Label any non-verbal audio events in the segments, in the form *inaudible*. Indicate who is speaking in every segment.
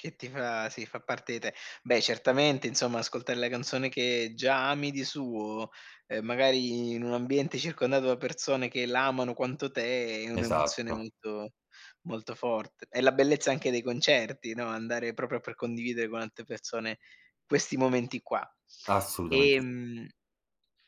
Speaker 1: Che ti fa sì, fa parte di te. Beh, certamente, insomma, ascoltare la canzone che già ami di suo, ehm, magari in un ambiente circondato da persone che la amano quanto te, è un'emozione
Speaker 2: Esatto.
Speaker 1: molto, molto forte. È la bellezza anche dei concerti, no, andare proprio per condividere con altre persone questi momenti qua.
Speaker 2: Assolutamente sì.
Speaker 1: Ehm,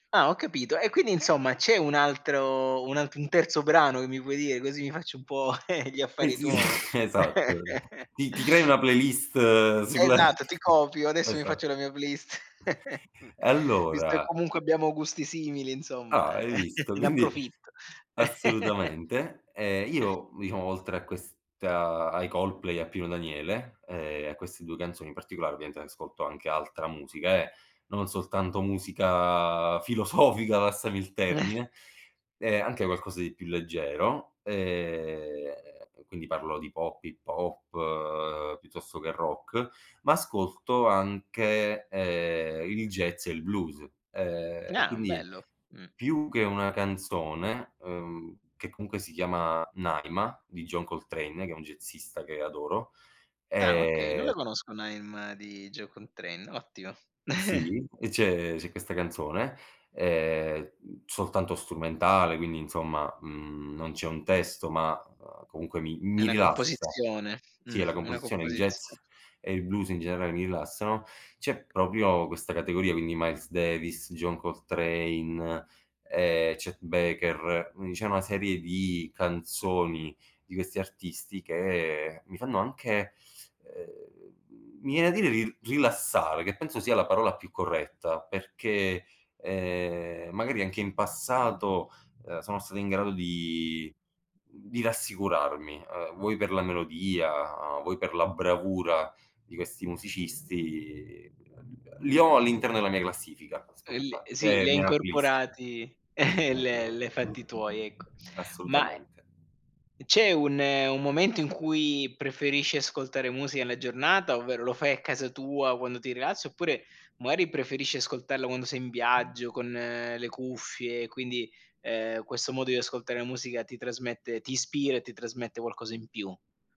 Speaker 1: ah, ho capito e, quindi, insomma, c'è un altro, un altr un terzo brano che mi vuoi dire, così mi faccio un po' *chuckles* gli
Speaker 2: Eh
Speaker 1: affari
Speaker 2: sì
Speaker 1: tuoi.
Speaker 2: *chuckles* esatto.
Speaker 1: *chuckles*
Speaker 2: Ti ti crei una playlist
Speaker 1: E
Speaker 2: sulla
Speaker 1: esatto, ti
Speaker 2: *chuckles*
Speaker 1: copio, adesso mi
Speaker 2: esat
Speaker 1: faccio la mia playlist, *chuckles* v
Speaker 2: E
Speaker 1: visto che
Speaker 2: allora
Speaker 1: comunque abbiamo gusti simili insomma,
Speaker 2: Ah, hai visto?
Speaker 1: *chuckles* ne
Speaker 2: Quindi
Speaker 1: approfitto. *chuckles*
Speaker 2: assolutamente. E io, diciamo, oltre a questa ai Coldplay, a Pino Daniele e a queste 2 canzoni in particolare, ovviamente, ascolto anche altra musica, eh, non soltanto musica filosofica, passami il
Speaker 1: *chuckles*
Speaker 2: termine, e anche qualcosa di più leggero. E, quindi, parlo di pop, hip hop, piuttosto che rock, ma ascolto anche, ehm, il jazz e il blues, ehm, e,
Speaker 1: Ah
Speaker 2: quindi,
Speaker 1: bello, mh.
Speaker 2: più che una canzone, ehm, che, comunque, si chiama “Naima”, di John Coltrane, che è un jazzista che adoro,
Speaker 1: Ah okay, non
Speaker 2: ehm
Speaker 1: la conosco Naima di John Coltrane, ottimo. *chuckles*
Speaker 2: Sì, e c'è c'è questa canzone, ehm, mhmm, soltanto strumentale. Quindi, insomma, mhmm, non c'è un testo, ma, uhm, comunque, mi
Speaker 1: È
Speaker 2: mi
Speaker 1: 'na
Speaker 2: rilassa.
Speaker 1: composizione,
Speaker 2: Sì,
Speaker 1: mh,
Speaker 2: è la
Speaker 1: una
Speaker 2: composizione, il jazz
Speaker 1: composizio
Speaker 2: e il blues in generale, mi rilassano. C'è proprio questa categoria, quindi Miles Davis, John Coltrane, ehm, Chet Baker; quindi diciamo una serie di canzoni di questi artisti che mi fanno anche, ehm mi viene da dire ril rilassare, che penso sia la parola più corretta perché, ehm, magari anche in passato, ehm, sono stati in grado di mhmm, di rassicurarmi. Ehm, vuoi per la melodia, vuoi per la bravura di questi musicisti, li ho all'interno della mia classifica
Speaker 1: El
Speaker 2: Spotify
Speaker 1: sì
Speaker 2: e
Speaker 1: li hai
Speaker 2: nella playlist.
Speaker 1: incorporati, *chuckles* l li hai fatti tuoi ecco. Ma eh
Speaker 2: Assolutamente.
Speaker 1: uhm, c'è un un momento in cui preferisci ascoltare musica la giornata? Ovvero, lo fai a casa tua quando ti rilassi oppure, magari, preferisci ascoltarla quando sei in viaggio con le cuffie? Quindi, ehm, questo modo di ascoltare la musica ti trasmette ti ispira e ti trasmette qualcosa in più?